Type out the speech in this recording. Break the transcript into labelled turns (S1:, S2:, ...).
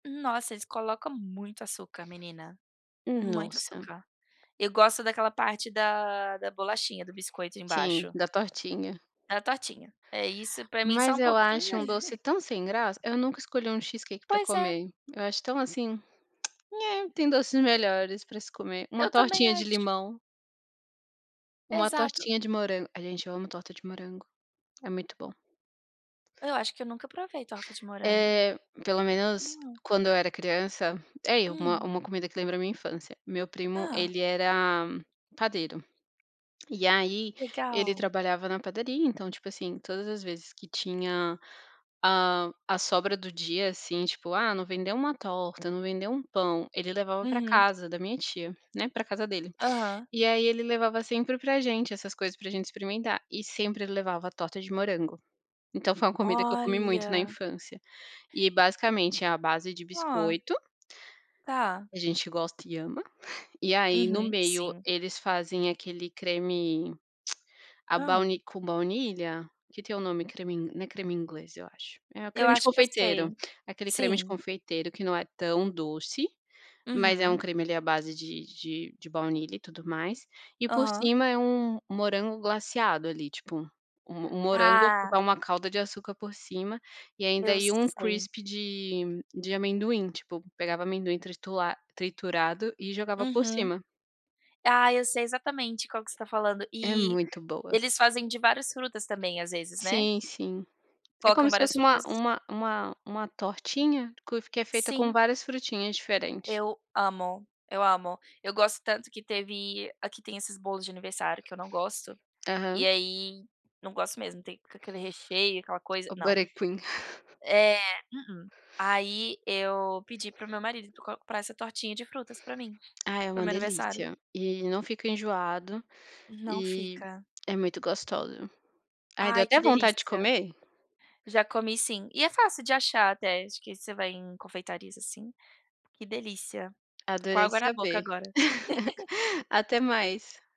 S1: Nossa, eles colocam muito açúcar, menina,
S2: Hum,
S1: muito
S2: nossa.
S1: açúcar. Eu gosto daquela parte da da bolachinha, do biscoito
S2: Sim,
S1: embaixo.
S2: da tortinha.
S1: Da tortinha. É isso, pra mim só
S2: Mas
S1: um
S2: eu
S1: pouquinho
S2: acho um doce tão sem graça, eu nunca escolhi um cheesecake pra
S1: Pois é.
S2: comer, eu acho tão, assim, tem doces melhores pra se comer, uma
S1: Eu também
S2: tortinha de
S1: acho.
S2: limão. Uma
S1: Exato.
S2: tortinha de morango, ai, gente, eu amo torta de morango, é muito bom.
S1: Eu acho que eu nunca provei torta de morango.
S2: Eh, pelo menos
S1: Hum.
S2: quando eu era criança é, e uma
S1: Hum.
S2: uma comida que lembra minha infância, meu primo
S1: Hã.
S2: ele era padeiro e aí ele
S1: Legal.
S2: trabalhava na padaria, então, tipo, assim, todas as vezes que tinha, ah, a sobra do dia, assim, tipo: "Ah, não vendeu uma torta, não vendeu um pão", ele levava pra
S1: Uhum.
S2: casa da minha tia, né, pra casa dele.
S1: Aham.
S2: E aí ele levava sempre pra gente essas coisas pra gente experimentar e sempre levava torta de morango, então foi uma comida que eu comi muito na
S1: Olha.
S2: infância e basicamente, é a base de
S1: Hã.
S2: biscoito
S1: Tá.
S2: a gente gosta e ama, e aí no
S1: Uhum,
S2: meio
S1: sim.
S2: eles fazem aquele creme à
S1: Hã.
S2: bauni com baunilha, que tem o nome, creme in não é creme inglês, eu acho, é o
S1: Eu
S2: creme de
S1: acho que eu
S2: confeiteiro,
S1: sei,
S2: aquele creme de
S1: sim.
S2: confeiteiro que não é tão doce, mas é um
S1: Uhum.
S2: creme ali à base de de de baunilha e tudo mais e por
S1: Aham.
S2: cima é um um morango glaceado ali, tipo, um um morango que
S1: Ah.
S2: dá uma calda de açúcar por cima e ainda,
S1: Eu
S2: ia um
S1: sei.
S2: crispy de de amendoim, tipo, pegava amendoim tritura triturado e jogava por
S1: Uhum.
S2: cima.
S1: Ah, eu sei exatamente qual que você tá falando,
S2: É
S1: e
S2: muito boa.
S1: eles fazem de várias frutas também, às vezes, né.
S2: Sim, sim. É como
S1: Colocam
S2: se
S1: várias
S2: fosse uma
S1: frutas?
S2: uma uma uma tortinha co que é feita com
S1: Sim.
S2: várias frutinhas diferentes.
S1: Eu amo, eu amo, eu gosto tanto que teve aqui tem esses bolos de aniversário que eu não gosto e
S2: Aham.
S1: aí não gosto mesmo, tem aquele recheio, aquela coisa,
S2: O
S1: não.
S2: butter cream.
S1: É, uhum, aí eu pedi para o meu marido [unintelligible] comprar essa tortinha de frutas pra mim,
S2: Ah, é
S1: para o
S2: uma
S1: meu aniversário.
S2: delícia e não fica enjoado
S1: Não
S2: e
S1: fica.
S2: é muito gostoso. Ai, deu
S1: Ai,
S2: até
S1: que
S2: vontade de
S1: delícia!
S2: comer.
S1: Já comi, sim, e é fácil de achar até, acho que você vai em confeitarias, assim, que delícia, tô com
S2: Adorei
S1: água na boca
S2: saber.
S1: agora.
S2: Até mais.